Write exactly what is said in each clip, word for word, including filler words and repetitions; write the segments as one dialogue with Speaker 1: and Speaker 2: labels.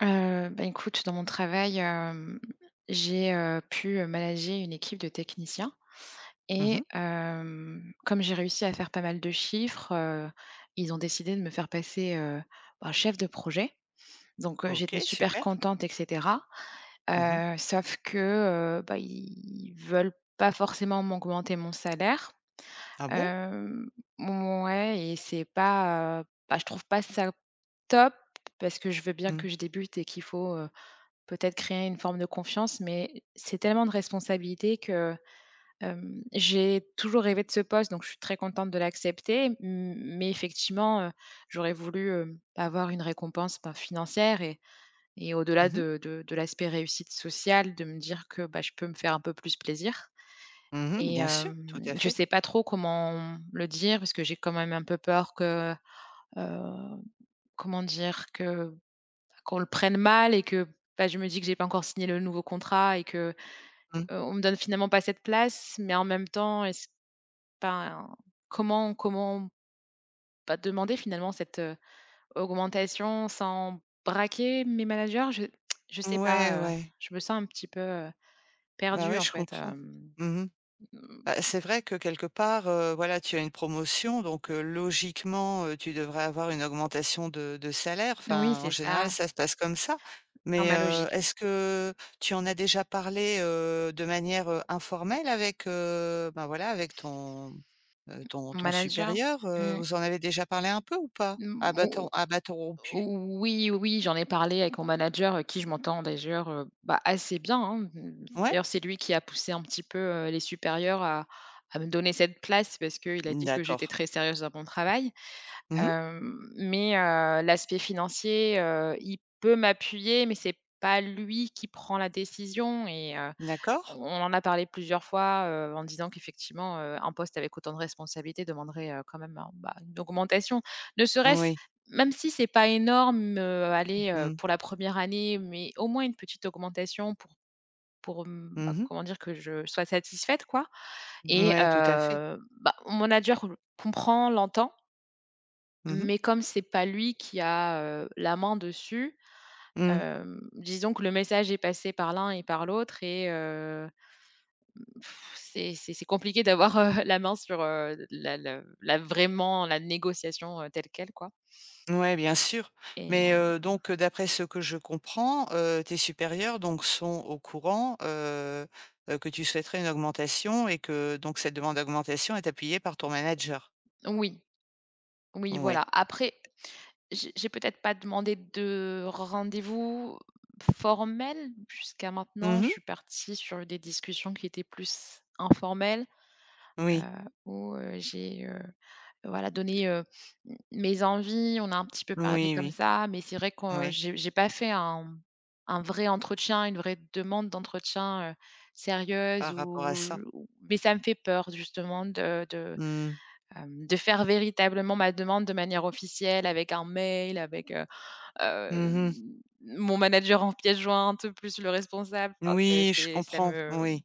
Speaker 1: Heu, ben écoute, dans mon travail, hem, j'ai, heu, pu, manager une équipe de techniciens,
Speaker 2: Mmh
Speaker 1: et
Speaker 2: mh.
Speaker 1: hem, comme j'ai réussi à faire pas mal de chiffres, heu, ils ont décidé de me faire passer, heu, bah chef de projet, donc, heu, j'étais
Speaker 2: OK,
Speaker 1: super
Speaker 2: super.
Speaker 1: contente et cetera.
Speaker 2: Mmh mh.
Speaker 1: Heu, sauf que, heu, bah, ils veulent pas forcément m'augmenter mon salaire,
Speaker 2: Ah bon?
Speaker 1: hem, mouais, et c'est pas, heu, pas je trouve pas ça top, parce que je veux bien que
Speaker 2: Mmh.
Speaker 1: je débute et qu'il faut, heu, peut-être créer une forme de confiance, mais c'est tellement de responsabilité que, hem, j'ai toujours rêvé de ce poste, donc je suis très contente de l'accepter, m mais effectivement, heu, j'aurais voulu, heu, avoir une récompense, ben, financière et et au-delà
Speaker 2: Mmh mh.
Speaker 1: de de de l'aspect réussite sociale, de me dire que, bah, je peux me faire un peu plus plaisir,
Speaker 2: Mmh mh.
Speaker 1: et
Speaker 2: Bien sûr, tout
Speaker 1: hem,
Speaker 2: à
Speaker 1: je
Speaker 2: fait.
Speaker 1: sais pas trop comment le dire, parce que j'ai quand même un peu peur que, heu, comment dire? Que qu'on le prenne mal, et que, bah, je me dis que j'ai pas encore signé le nouveau contrat et que,
Speaker 2: Mmh.
Speaker 1: heu, on me donne finalement pas cette place, mais en même temps, est-ce enfin, comment comment, bah, demander, finalement, cette, heu, augmentation sans braquer mes managers. Je je sais
Speaker 2: Ouais,
Speaker 1: pas, heu,
Speaker 2: ouais.
Speaker 1: je me sens un petit peu, heu,
Speaker 2: Ben
Speaker 1: perdue
Speaker 2: ouais,
Speaker 1: en
Speaker 2: je
Speaker 1: fait,
Speaker 2: comprends.
Speaker 1: hem,
Speaker 2: Mmh mh.
Speaker 1: mmh
Speaker 2: Bah, c'est vrai que quelque part, heu, voilà, tu as une promotion donc, heu, logiquement, heu, tu devrais avoir une augmentation de de salaire,
Speaker 1: Oui,
Speaker 2: enfin, en
Speaker 1: c'est
Speaker 2: général,
Speaker 1: ça.
Speaker 2: ça se passe comme ça,
Speaker 1: Dans
Speaker 2: mais,
Speaker 1: ma
Speaker 2: heu,
Speaker 1: logique.
Speaker 2: est-ce que tu en as déjà parlé, heu, de manière, heu, informelle avec, heu, ben voilà, avec ton, heu, ton
Speaker 1: Mon
Speaker 2: ton
Speaker 1: manager,
Speaker 2: supérieur, heu,
Speaker 1: mmh.
Speaker 2: vous en avez déjà parlé un peu, ou pas?
Speaker 1: Mmh,
Speaker 2: À
Speaker 1: mo
Speaker 2: bâtons à bâtons rompus?
Speaker 1: o oui, oui, j'en ai parlé avec mon manager avec qui je m'entends dajeur, heu, bah, assez bien, hein, mmh,
Speaker 2: Ouais.
Speaker 1: d'ailleurs, c'est lui qui a poussé un petit peu, heu, les supérieurs à à me donner cette place, parce qu'il a dit que
Speaker 2: D'accord.
Speaker 1: j'étais très sérieuse dans mon travail.
Speaker 2: Mmh mh.
Speaker 1: Hem, mais, heu, l'aspect financier, heu, il peut m'appuyer, mais c'est pas lui qui prend la décision, et heu,
Speaker 2: D'accord.
Speaker 1: on en a parlé plusieurs fois, heu, en disant qu'effectivement, heu, un poste avec autant de responsabilités demanderait, heu, quand même un bah, une augmentation. Ne serait-ce
Speaker 2: Oui.
Speaker 1: même si c'est pas énorme, heu, allez, heu,
Speaker 2: Mmh.
Speaker 1: pour la première année, mais au moins, une petite augmentation pour pour m bah
Speaker 2: Mmh mh.
Speaker 1: comment dire? Que je sois satisfaite, quoi, et
Speaker 2: Mouais, tout à fait.
Speaker 1: heu, bah, mon manager le comprend, l'entend.
Speaker 2: Mmh mh.
Speaker 1: Mais comme c'est pas lui qui a, heu, la main dessus,
Speaker 2: Mmh.
Speaker 1: hem, disons que le message est passé par l'un et par l'autre et heu, mmh, c'est c'est c'est compliqué d'avoir, heu, la main sur, heu, la le la vraiment, la négociation, heu, telle quelle, quoi.
Speaker 2: Mouais, bien sûr,
Speaker 1: Et, heu
Speaker 2: mais, heu, donc, heu, d'après ce que je comprends, heu, tes supérieurs, donc sont au courant, heu heu, que tu souhaiterais une augmentation et que, donc cette demande d'augmentation est appuyée par ton manager?
Speaker 1: Oui. Oui,
Speaker 2: Ouais.
Speaker 1: voilà. Après, j'ai j'ai peut-être pas demandé de rendez-vous formel. Jusqu'à maintenant,
Speaker 2: Mmh
Speaker 1: je
Speaker 2: mh.
Speaker 1: suis partie sur des discussions qui étaient plus informelles. Heu,
Speaker 2: Oui.
Speaker 1: où, heu, j'ai, heu, voilà
Speaker 2: Et
Speaker 1: donné, heu, m mes envies, on a un petit peu parlé
Speaker 2: Oui,
Speaker 1: comme
Speaker 2: oui.
Speaker 1: ça, mais c'est vrai que
Speaker 2: Ouais.
Speaker 1: j'ai j'ai pas fait un un vrai entretien, une vraie demande d'entretien, heu, sérieuse
Speaker 2: Par rapport
Speaker 1: ou
Speaker 2: à ça.
Speaker 1: ou mais ça me fait peur justement de de,
Speaker 2: Mmh.
Speaker 1: hem, de faire véritablement ma demande de manière officielle avec un mail, avec, heu, hem,
Speaker 2: Mmh mh.
Speaker 1: mon manager en pièce jointe, plus le responsable, enfin c'est
Speaker 2: Oui, je
Speaker 1: c'est ça
Speaker 2: comprends,
Speaker 1: me
Speaker 2: oui.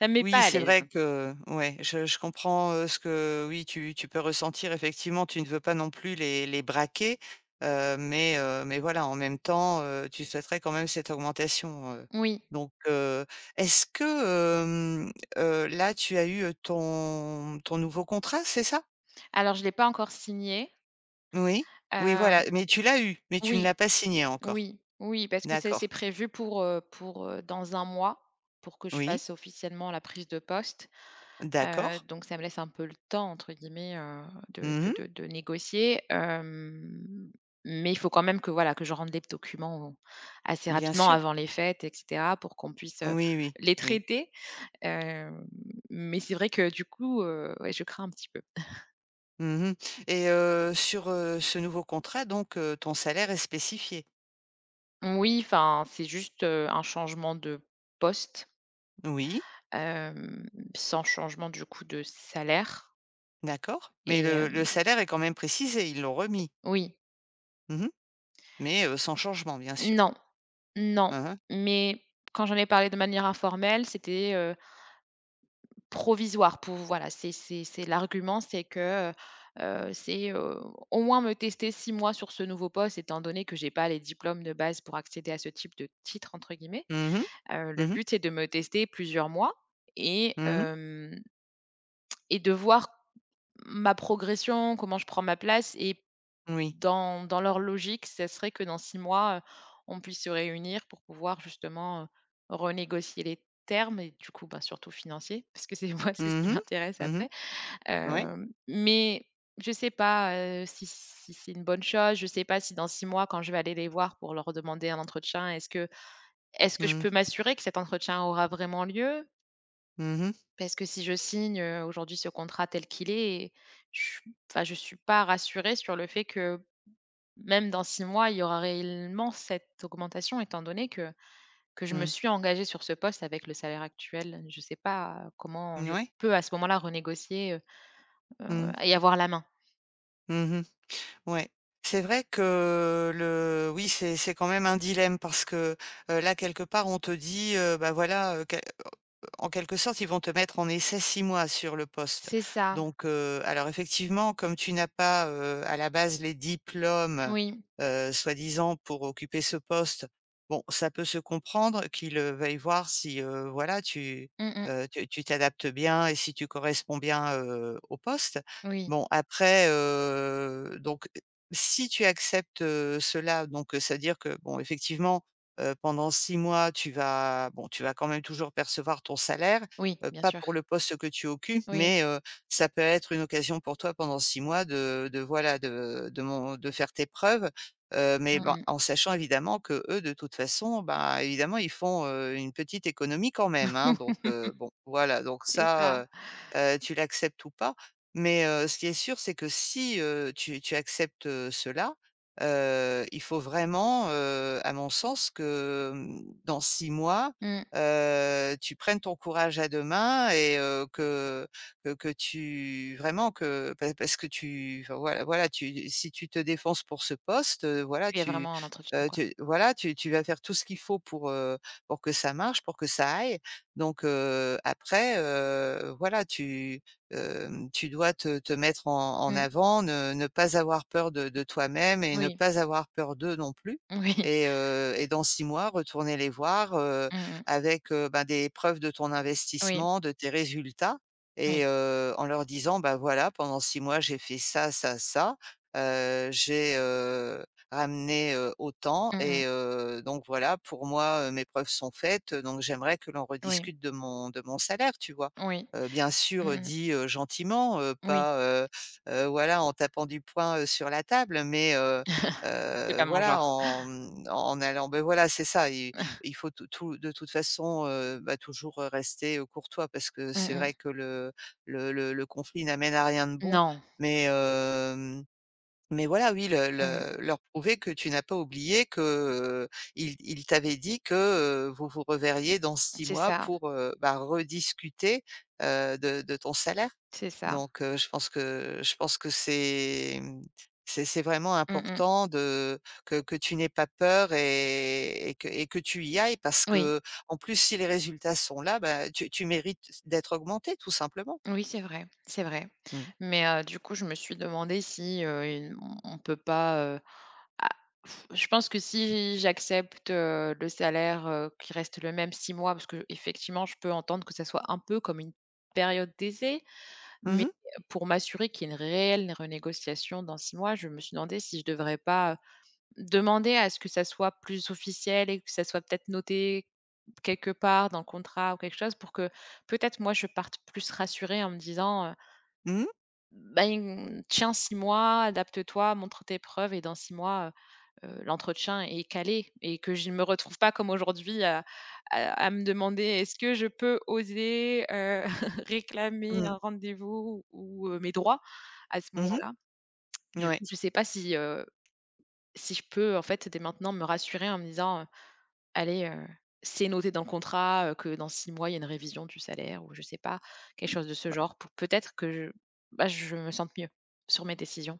Speaker 1: ça me met pas
Speaker 2: Oui,
Speaker 1: à
Speaker 2: c'est
Speaker 1: l'aise.
Speaker 2: vrai que ouais, je je comprends, heu, ce que oui, tu tu peux ressentir effectivement, tu ne veux pas non plus les les braquer, heu, mais, heu, mais voilà en même temps, heu, tu souhaiterais quand même cette augmentation, heu,
Speaker 1: Oui.
Speaker 2: donc, heu, est-ce que, hem, heu, là tu as eu ton ton nouveau contrat, c'est ça?
Speaker 1: Alors, je l'ai pas encore signé.
Speaker 2: Oui, oui, voilà,
Speaker 1: Hem,
Speaker 2: mais tu l'as eu, mais tu ne
Speaker 1: oui,
Speaker 2: l'as pas signé encore.
Speaker 1: oui, oui parce que ça c'est
Speaker 2: D'accord.
Speaker 1: prévu pour, heu, pour, heu, dans un mois, pour que je
Speaker 2: Oui.
Speaker 1: fasse officiellement la prise de poste, heu,
Speaker 2: D'accord.
Speaker 1: donc ça me laisse un peu «le temps» entre guillemets, heu, de
Speaker 2: Mmh
Speaker 1: de
Speaker 2: mh.
Speaker 1: de de négocier. Hem, mais il faut quand même que, voilà, que je rende les p documents, assez
Speaker 2: Bien
Speaker 1: rapidement,
Speaker 2: sûr.
Speaker 1: avant les fêtes et cetera, pour qu'on puisse, heu,
Speaker 2: Oui, oui.
Speaker 1: les
Speaker 2: Oui.
Speaker 1: traiter. Hem, mais c'est vrai que, du coup, heu, ouais, je crains un petit peu.
Speaker 2: Mmh mh et heu, sur, heu, ce nouveau contrat donc, heu, ton salaire est spécifié?
Speaker 1: Moui. Enfin, c'est juste, heu, un changement de poste
Speaker 2: Oui.
Speaker 1: hem, sans changement, du coup, de salaire.
Speaker 2: D'accord mais
Speaker 1: Et
Speaker 2: le le
Speaker 1: hem
Speaker 2: salaire est quand même précisé? Ils l'ont remis?
Speaker 1: Oui.
Speaker 2: Mmh mh mais, heu, sans changement, bien sûr.
Speaker 1: Non. Non
Speaker 2: Mmh mh.
Speaker 1: mais, quand j'en ai parlé de manière informelle, c'était, heu provisoire pouv voilà, c'est c'est c'est l'argument, c'est que, heu heu, c'est, heu, au moins me tester six mois sur ce nouveau poste étant donné que j'ai pas les diplômes de base pour accéder à «ce type de titre» entre guillemets.
Speaker 2: Mmh mh.
Speaker 1: Heu, le
Speaker 2: Mmh mh.
Speaker 1: but, c'est de me tester plusieurs mois et
Speaker 2: Mmh mh.
Speaker 1: hem et de voir ma progression. Comment je prends ma place et
Speaker 2: Oui.
Speaker 1: dans dans leur logique, ça serait que dans six mois, heu, on puisse se réunir pour pouvoir, justement, heu, renégocier les termes et du coup, bah, surtout financiers parce que c'est moi, c'est ce qui
Speaker 2: Mmh mh.
Speaker 1: m'intéresse
Speaker 2: Mmh mh.
Speaker 1: après,
Speaker 2: Ouais.
Speaker 1: hem, mais, je sais pas, heu, si si c'est une bonne chose. Je sais pas si dans six mois, quand je vais aller les voir pour leur demander un entretien, est-ce que est-ce que je
Speaker 2: Mmh.
Speaker 1: peux m'assurer que cet entretien aura vraiment lieu?
Speaker 2: Mmh mh.
Speaker 1: Parce que si je signe, heu, aujourd'hui ce contrat tel qu'il est et j enfin, je suis pas rassurée sur le fait que même dans six mois il y aura réellement cette augmentation étant donné que que je me
Speaker 2: Mmh.
Speaker 1: suis engagée sur ce poste avec le salaire actuel, je sais pas comment
Speaker 2: Mmh n
Speaker 1: je
Speaker 2: ouais.
Speaker 1: peux à ce moment-là renégocier, heu heu
Speaker 2: Mmh.
Speaker 1: et avoir la main?
Speaker 2: Mmh mh. Ouais, c'est vrai que le oui, c'est c'est quand même un dilemme parce que, heu, là, quelque part on te dit, heu: «Bah voilà, heu, què», heu, en quelque sorte, ils vont te mettre en essai six mois sur le poste
Speaker 1: C'est ça.
Speaker 2: donc, heu, alors effectivement comme tu n'as pas, heu, à la base les diplômes,
Speaker 1: Moui.
Speaker 2: heu, soi-disant pour occuper ce poste, bon, ça peut se comprendre qu'ils, heu, veuillent voir si, heu, voilà, tu,
Speaker 1: Mmh mh.
Speaker 2: heu, tu tu t'adaptes bien et si tu corresponds bien, heu, au poste.
Speaker 1: Oui.
Speaker 2: Bon, après, heu, donc si tu acceptes, heu, cela donc, heu, c'est-à-dire que bon, effectivement, heu, pendant six mois, tu vas, bon, tu vas quand même toujours percevoir ton salaire,
Speaker 1: Oui,
Speaker 2: heu,
Speaker 1: bien
Speaker 2: pas
Speaker 1: sûr.
Speaker 2: pour le poste que tu occupes,
Speaker 1: Oui.
Speaker 2: mais, heu, ça peut être une occasion pour toi pendant six mois de de voilà, de de mon de faire tes preuves, heu, mais
Speaker 1: Mmh
Speaker 2: ben,
Speaker 1: mh.
Speaker 2: en sachant évidemment qu'eux de toute façon, ben, évidemment ils font, heu, une petite économie quand même, hein, donc, heu, bon, voilà donc
Speaker 1: C'est
Speaker 2: ça,
Speaker 1: ça.
Speaker 2: heu heu, tu l'acceptes ou pas, mais, heu, ce qui est sûr, c'est que si, heu, tu tu acceptes, heu, cela, heu, il faut vraiment, heu, à mon sens que, hem, dans six mois,
Speaker 1: Mmh.
Speaker 2: heu, tu prennes ton courage à deux mains et heu, que que que tu vraiment que pa parce que tu enfin, voilà voilà, tu si tu te défonces pour ce poste, heu, voilà,
Speaker 1: Qu'il y ait
Speaker 2: tu,
Speaker 1: vraiment un entretien,
Speaker 2: heu,
Speaker 1: quoi.
Speaker 2: tu voilà, tu tu vas faire tout ce qu'il faut pour, heu, pour que ça marche, pour que ça aille donc, heu, après, heu, voilà, tu, hem, tu dois te te mettre en en
Speaker 1: Mmh.
Speaker 2: avant ne ne pas avoir peur de de toi-même et ne
Speaker 1: Oui.
Speaker 2: pas avoir peur d'eux non plus
Speaker 1: Moui.
Speaker 2: et heu et dans six mois retourner les voir, heu,
Speaker 1: Mmh mh.
Speaker 2: avec, heu, ben des preuves de ton
Speaker 1: Oui.
Speaker 2: investissement, de tes résultats
Speaker 1: Oui.
Speaker 2: et heu, en leur disant, ben: «Voilà, pendant six mois j'ai fait ça, ça, ça, heu, j'ai, heu, ramené, heu, autant,
Speaker 1: Mmh mh.
Speaker 2: et heu, donc voilà, pour moi, heu, mes preuves sont faites donc j'aimerais que l'on
Speaker 1: Oui.
Speaker 2: rediscute de mon de mon salaire», tu vois?
Speaker 1: Oui,
Speaker 2: Heu, bien
Speaker 1: mmh
Speaker 2: sûr, heu,
Speaker 1: mh.
Speaker 2: dit, heu, gentiment, heu,
Speaker 1: Moui.
Speaker 2: pas, heu heu, voilà, en tapant du poing, heu, sur la table, mais, heu
Speaker 1: C'est
Speaker 2: heu,
Speaker 1: pas mon
Speaker 2: voilà,
Speaker 1: genre.
Speaker 2: en, hem, en en allant, beh voilà, c'est ça i il faut tout tout de toute façon, heu, bah toujours, heu, rester, heu, courtois parce que
Speaker 1: Mmh
Speaker 2: c'est
Speaker 1: mh.
Speaker 2: vrai que le le le le conflit n'amène à rien de bon
Speaker 1: Non!
Speaker 2: mais hem, mais voilà, oui, le
Speaker 1: Mmh.
Speaker 2: le leur prouver que tu n'as pas oublié que, heu, ils ils t'avaient dit que, heu, vous vous reverriez dans six
Speaker 1: C'est
Speaker 2: mois
Speaker 1: ça.
Speaker 2: pour, heu, bah rediscuter, heu, de de ton salaire
Speaker 1: C'est ça.
Speaker 2: donc, heu, je pense que je pense que c'est, hem, c'est c'est vraiment
Speaker 1: Mmh mh.
Speaker 2: important de que que tu n'aies pas peur et et que et que tu y ailles parce
Speaker 1: Oui.
Speaker 2: qu'en plus si les résultats sont là, bah tu tu mérites c d'être augmentée, tout simplement.
Speaker 1: Oui, c'est vrai, c'est vrai.
Speaker 2: Mmh.
Speaker 1: Mais heu, du coup je me suis demandée si, heu, i hem, on peut pas, heu, ah, je pense que si j'accepte, heu, le salaire, heu, qui reste le même six mois parce qu'effectivement je peux entendre que ça soit un peu comme une période d'essai
Speaker 2: Mmh
Speaker 1: mais,
Speaker 2: mh.
Speaker 1: heu, pour m'assurer qu'il y ait une réelle renégociation dans six mois, je me suis demandée si je devrais pas demander à ce que ça soit plus officiel et que ça soit peut-être noté quelque part dans le contrat ou quelque chose, pour que, peut-être, moi je parte plus rassurée en me disant, heu
Speaker 2: Mmh mh.
Speaker 1: «Ben, tiens six mois, adapte-toi, montre tes preuves et dans six mois, heu heu, l'entretien est calé» et que je me retrouve pas comme aujourd'hui à à à me demander: «Est-ce que je peux oser, heu, réclamer un
Speaker 2: Mmh.
Speaker 1: rendez-vous ou, heu, mes droits à ce
Speaker 2: Mmh mh.
Speaker 1: moment-là?»
Speaker 2: N
Speaker 1: Du
Speaker 2: ouais.
Speaker 1: coup je sais pas si, heu, si je peux en fait, dès maintenant me rassurer en me disant, heu: «Allez, heu, c'est noté dans le contrat, heu, que dans six mois, il y a une révision du salaire», ou je sais pas, quelque chose de ce
Speaker 2: Bah.
Speaker 1: genre pour peut-être que je, bah, je me sente mieux sur mes décisions.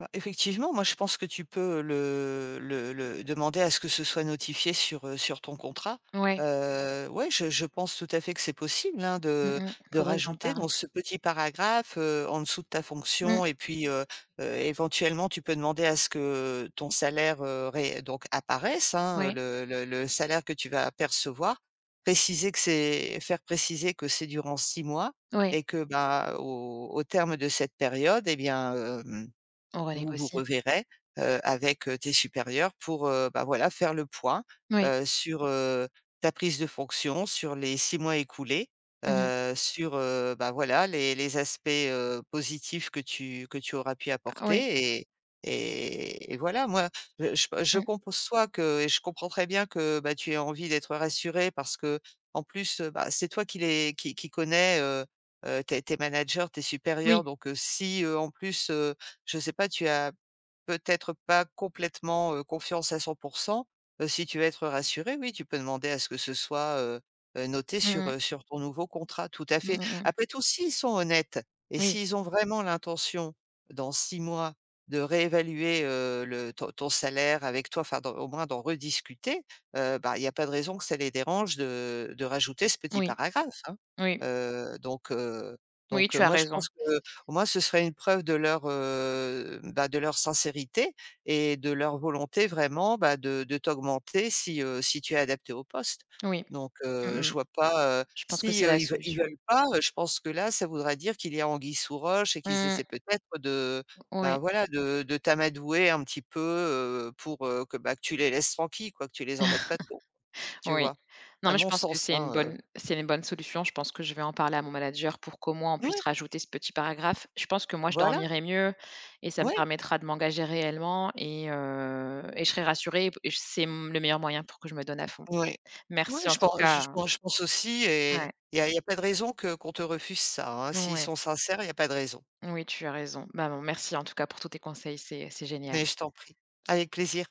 Speaker 2: Bah effectivement, moi je pense que tu peux le le le demander à ce que ce soit notifié sur, heu, sur ton contrat.
Speaker 1: Ouais.
Speaker 2: Heu, ouais je je pense tout à fait que c'est possible, hein,
Speaker 1: Mmh
Speaker 2: de
Speaker 1: mh,
Speaker 2: de
Speaker 1: faudrait que j'en
Speaker 2: rajouter
Speaker 1: parle.
Speaker 2: dans ce petit paragraphe, heu, en dessous de ta
Speaker 1: Mmh.
Speaker 2: fonction et puis, heu heu, éventuellement, tu peux demander à ce que ton salaire, heu, ré donc apparaisse, hein,
Speaker 1: Ouais.
Speaker 2: le le le salaire que tu vas percevoir. Préciser que c'est faire préciser que c'est durant six mois
Speaker 1: Ouais.
Speaker 2: et que, bah, au au terme de cette période et bien, hem,
Speaker 1: On
Speaker 2: vous vous
Speaker 1: renégocie.
Speaker 2: reverrez, heu, avec, heu, tes supérieurs pour, heu, bah, voilà faire le point,
Speaker 1: Oui.
Speaker 2: heu, sur, heu, ta prise de fonction sur les six mois écoulés,
Speaker 1: Mmh mh.
Speaker 2: heu, sur, heu, bah voilà les les aspects, heu, positifs que tu que tu auras pu
Speaker 1: Oui.
Speaker 2: apporter et et et voilà moi je
Speaker 1: Mmh.
Speaker 2: [unintelligible] que et je comprends très bien que, bah, tu aies envie d'être rassurée parce que, en plus, heu, bah c'est toi qui les qui qui connais, heu heu, tes tes managers, tes supérieurs
Speaker 1: Oui.
Speaker 2: donc heu, si heu, en plus, heu, je sais pas tu as peut-être pas complètement, heu, confiance à cent pour cent, heu, si tu veux être rassurée, oui tu peux demander à ce que ce soit, heu heu, noté
Speaker 1: Mmh
Speaker 2: sur,
Speaker 1: mh.
Speaker 2: heu, sur ton nouveau contrat, tout à
Speaker 1: Mmh
Speaker 2: fait.
Speaker 1: mh, mmh.
Speaker 2: Après tout s'ils sont honnêtes et
Speaker 1: Oui.
Speaker 2: s'ils ont vraiment l'intention dans six mois de réévaluer, heu, le ton ton salaire avec toi, enfin d'en au moins d'en rediscuter, heu, bah il y a pas de raison que ça les dérange de de rajouter ce petit
Speaker 1: Oui.
Speaker 2: paragraphe, hein.
Speaker 1: Oui.
Speaker 2: Heu, donc heu,
Speaker 1: Oui,
Speaker 2: donc
Speaker 1: tu as
Speaker 2: moi je
Speaker 1: raison.
Speaker 2: pense qu'au moins ce serait une preuve de leur, heu, bah de leur sincérité et de leur volonté vraiment, bah de de t'augmenter si, heu, si tu es adaptée au poste
Speaker 1: Oui.
Speaker 2: donc
Speaker 1: Mmh
Speaker 2: heu, je
Speaker 1: mh.
Speaker 2: vois pas, heu,
Speaker 1: Je pense que
Speaker 2: si
Speaker 1: c'est
Speaker 2: eux
Speaker 1: la
Speaker 2: ils ils
Speaker 1: solution.
Speaker 2: veulent pas, heu, je pense que là ça voudrait dire qu'il y a anguille sous roche et qu'ils
Speaker 1: Mmh.
Speaker 2: essaient peut-être de, bah
Speaker 1: Oui.
Speaker 2: voilà de de t'amadouer un petit peu, heu, pour, heu, que bah, que tu les laisses tranquilles quoi, que tu les embêtes pas trop, tu
Speaker 1: Oui.
Speaker 2: vois?
Speaker 1: Non
Speaker 2: A
Speaker 1: mais je
Speaker 2: mon
Speaker 1: pense que
Speaker 2: sens
Speaker 1: c'est une
Speaker 2: hein, heu
Speaker 1: bonne c'est une bonne solution. Je pense que je vais en parler à mon manager pour qu'au moins on puisse
Speaker 2: Ouais.
Speaker 1: rajouter ce petit paragraphe. Je pense que moi je
Speaker 2: Voilà.
Speaker 1: dormirai mieux et ça me
Speaker 2: Ouais.
Speaker 1: permettra de m'engager réellement et heu, et je serai rassurée et p c'est mmh, le meilleur moyen pour que je me donne à fond.
Speaker 2: N oui, mouais,
Speaker 1: Merci en
Speaker 2: je pen
Speaker 1: tout cas
Speaker 2: je
Speaker 1: hein
Speaker 2: pen je pense aussi et
Speaker 1: Ouais.
Speaker 2: il y a il y a pas de raison que qu'on te refuse ça hein, s'ils
Speaker 1: Ouais.
Speaker 2: sont sincères, il y a pas de raison.
Speaker 1: Oui, tu as raison. Bah, bon merci en tout cas pour tous tes conseils, c'est c'est génial.
Speaker 2: Mais je t'en prie, avec plaisir.